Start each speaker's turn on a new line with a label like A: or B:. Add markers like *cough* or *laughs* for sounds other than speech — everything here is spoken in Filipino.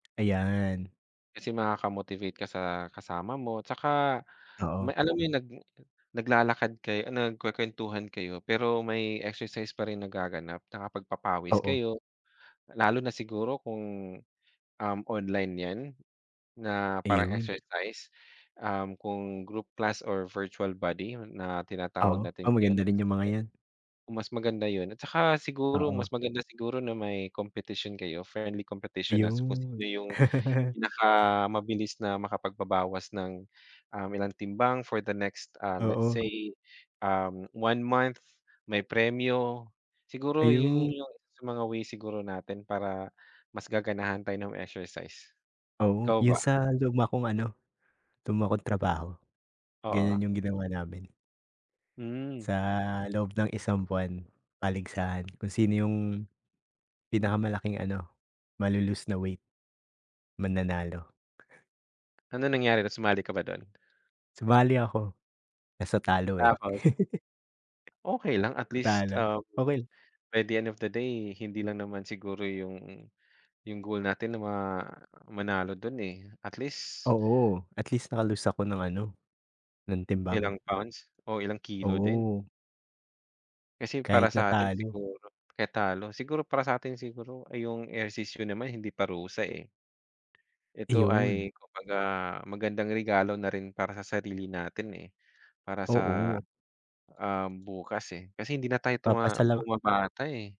A: Ayan.
B: Kasi makaka-motivate ka sa kasama mo, tsaka may
A: Oo.
B: alam mo yung nag naglalakad kayo, nagkwekwentuhan kayo pero may exercise pa rin nagaganap, nakapagpapawis
A: Oo.
B: kayo, lalo na siguro kung, um, online yan na parang
A: Ayun.
B: exercise, um, kung group class or virtual body na tinatawag
A: Oo,
B: natin
A: oo maganda
B: ngayon.
A: rin yung mga yan.
B: Mas maganda yun at saka siguro mas
A: Oo.
B: maganda siguro na may competition kayo, friendly competition na kung sino
A: Iyun.
B: yung
A: *laughs*
B: pinakamabilis na makapagbabawas ng, um, ilang timbang for the next, ah, let's
A: Oo.
B: say, um, 1 month, may premyo. Siguro yun
A: Ayun.
B: yung isa sa mga way siguro natin para mas gaganahan tayo ng exercise.
A: Oo,
B: Ikaw ba?
A: yung sa luma kong ano, luma kong trabaho.
B: Oo.
A: Ganiyan yung ginawa namin.
B: Hmm.
A: Sa loob ng isang buwan, paligsahan kung sino yung pinakamalaking ano, malo-lose na weight, mananalo.
B: Anong nangyari na sumali ka ba dun?
A: Sumali ako, kaso talo eh.
B: Tapos? Okey lang,
A: *laughs*
B: at least,
A: Natalo?
B: um,
A: Okey la
B: by the end of the day, hindi lang naman siguro yung yung goal natin na ma manalo dun eh at least
A: Oo. At least naka-lose ako ng ano, ng timbang.
B: Ilang pounds o ilang kilo din.
A: Oo.
B: Kasi para
A: Kahit
B: sa atin
A: natalo.
B: siguro kaya talo siguro para sa atin siguro ay yung ehersisyo naman hindi parusa eh. Ito
A: Iyon.
B: ay kumbaga magandang regalo na rin para sa sarili natin eh. Para sa,
A: Oo.
B: um, bukas eh, kasi hindi na tayo
A: Papasa
B: tuma
A: lang
B: bumabata eh.